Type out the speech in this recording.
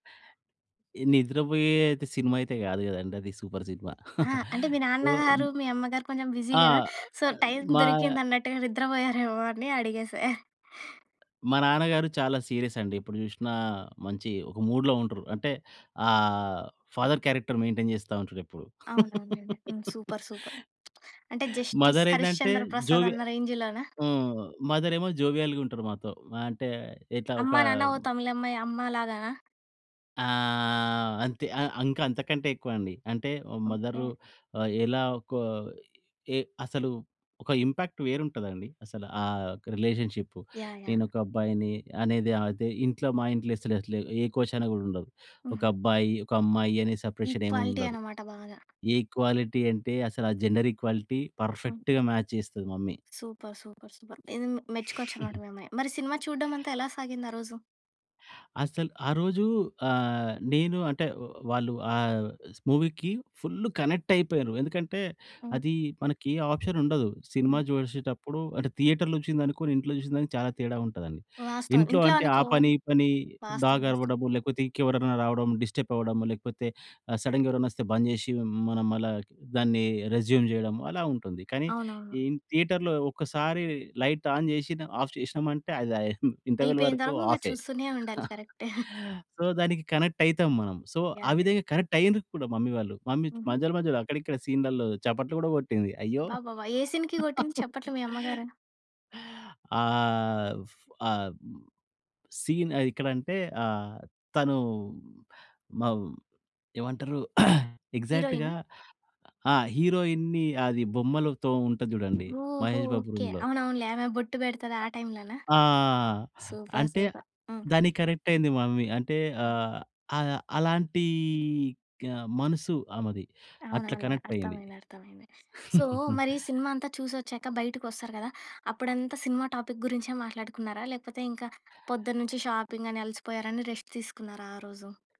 ఈ నిద్రపోయే అయితే సినిమా అయితే గాదు గదండీ. అది సూపర్ సినిమా. ఆ! అంటే మీ సో హ్మ్. నాన్నగారు, మీ అమ్మగారు కొంచెం బిజీ ఆ! గదా! సో, టైము మా దొరికిందన్నట్టుగా నిద్రబోయారేమో అని అడిగేశా? మా నాన్నగారు చాలా సీరియసండి. ఎప్పుడు చూషినా మంచి ఒక మూడ్‌లో ఉండరు. అంటే ఆహ్, ఫాదర్ క్యారెక్టర్ మెయిన్‌టైన్ చేస్తా ఉంటారెప్పుడు. అవునవునండి. హ్మ్. సూపర్. సూపర్. అంటే 'జస్టిస్ మదరేందంటే హరిశ్చంద్ర ప్రసాద్' జోవియ అన్న రేంజ్‌లోనా? ఆహ్, మదరేమో జోవియల్‌గుంటరు మాతో. అంటే ఇట్లా 'అమ్మ, ఒక నాన్న ఓ తమిళమ్మాయి' అమ్మ లాగానా? ఆహ్, అంతే. ఆ! అంకా అంతకంటే ఎక్కువండి. అంటే ఓ ఓకే. మదరు ఆహ్, ఎలా ఒకా ఏ అసలు, ఒక ఇంపాక్ట్ వేరుంటదండి. అసలు ఆహ్, యొక్క రిలేషన్‌షిప్పు. యాహ్! యాహ్! నేనొక అబ్బాయిని అనేది అదే ఇంట్లో మా ఇంట్లో అసలు అట్లా ఏ కోశాన గూడా ఉండదు. హుహు. ఒకబ్బాయి, ఒకమ్మాయి అనే సెపరేషనేమి ఈక్వాలిటీ ఉండదు. అన్నమాట బాగా. ఈక్వాలిటీ అంటే అసలా జెండర్ ఈక్వాలిటీ హ్మ్. పర్ఫెక్ట్‌గా మ్యాచ్ చేస్తది mummy. Super. Super. Super. Super. ఇది మెచ్చుకోవచ్చనమాట మీ అమ్మని. మరి సినిమా చూడడమంతా ఎలా సాగింది ఆ రోజు? అసలు ఆ రోజూ ఆహ్, నేను అంటే వాళ్ళు ఆ స్ మూవీకి ఫుల్లు కనెక్టయిపోయారు. ఎందుకంటే హ్మ్. అది మనకి ఆప్షనుండదు. సినిమా హ్మ్. చూషేటప్పుడు అంటే థియేటర్‌లో వచ్చిందనుకుని ఇంట్లో చూసిన దానికి చాలా తేడా ఉంటదండి. వాస్తవం. ఇంట్లో ఇంట్లో అంటే ఆ అనుకో పని, ఈ పని, వాస్తవం డాగ్ వాస్తవం. అరవడము, లేకపోతే ఇంకెవరన్నా రావడం, డిస్టపవ్వడం, లేకపోతే ఆ సడెన్‌గా ఎవరైనా వస్తే బంద్ జేషి హ్మ్, మనం మళ్ళా దాన్ని రెస్యూమ్ జేయడం, అలా ఉంటుంది. కానీ అవునవును. ఈన్ థియేటర్‌లో ఒక్కసారి లైట్ ఆన్ జేషిన ఆఫ్ చేషినమంటే అది ఇంటర్వల్ వరకు అయిపోయినంతవరకు ఆఫే. చూస్తూనే ఉండాలి. కరెక్ట్. సో, దానికి కనెక్టయితాం మనం. సో, ఆ యాహ్! యాహ్! విధంగా కనెక్టయ్యిండ్రు కూడా మమ్మీ వాళ్ళు. మమ్మీ హుహు. మధ్యలో, మధ్యలో అక్కడ, ఇక్కడ సీన్‌లల్లో చపట్లు కూడా కొట్టింది. అయ్యో! అబ్బాబాబ్బా! ఏ సీన్‌కి గొట్టింది చప్పట్లు మీ అమ్మగారు? ఆహ్, ఫ్ ఆహ్, బ్ సీన్ అదెక్కడంటే, ఆహ్, తనూ మవ్ ఏవంటరు, ఎగ్జాక్ట్‌గా హీరోయినా? ఆ! హీరోయిన్‌ని అది బొమ్మలతో ఉంటది జూడండి ఓహో! మహేష్ బాబు ఓకే. రూమ్‌లో. అవునవునులే. ఆమె బొట్టు పెడతది ఆ టైమ్‌లోన? ఆ! సూపర్. అంటే సూపర్. హ్మ్. దానికి కనెక్టయింది మమ్మీ. అంటే హ్మ్. ఆహ్, ఆ! అలాంటీ క్ మనసు ఆమెది. అట్ల అవునవునులే. కనెక్టయ్యింది. అర్థమైంది. అర్థమైంది. సో, మరి సినిమా అంతా చూసొచ్చాక, బయటకి వస్తారు కదా! అప్పుడంతా సినిమా టాపిక్ గురించే మాట్లాడుకున్నారా? లేకపోతే ఇంకా పొద్దున్నుంచి షాపింగని అలసిపోయారని రెస్ట్ తీసుకున్నారా ఆ రోజు?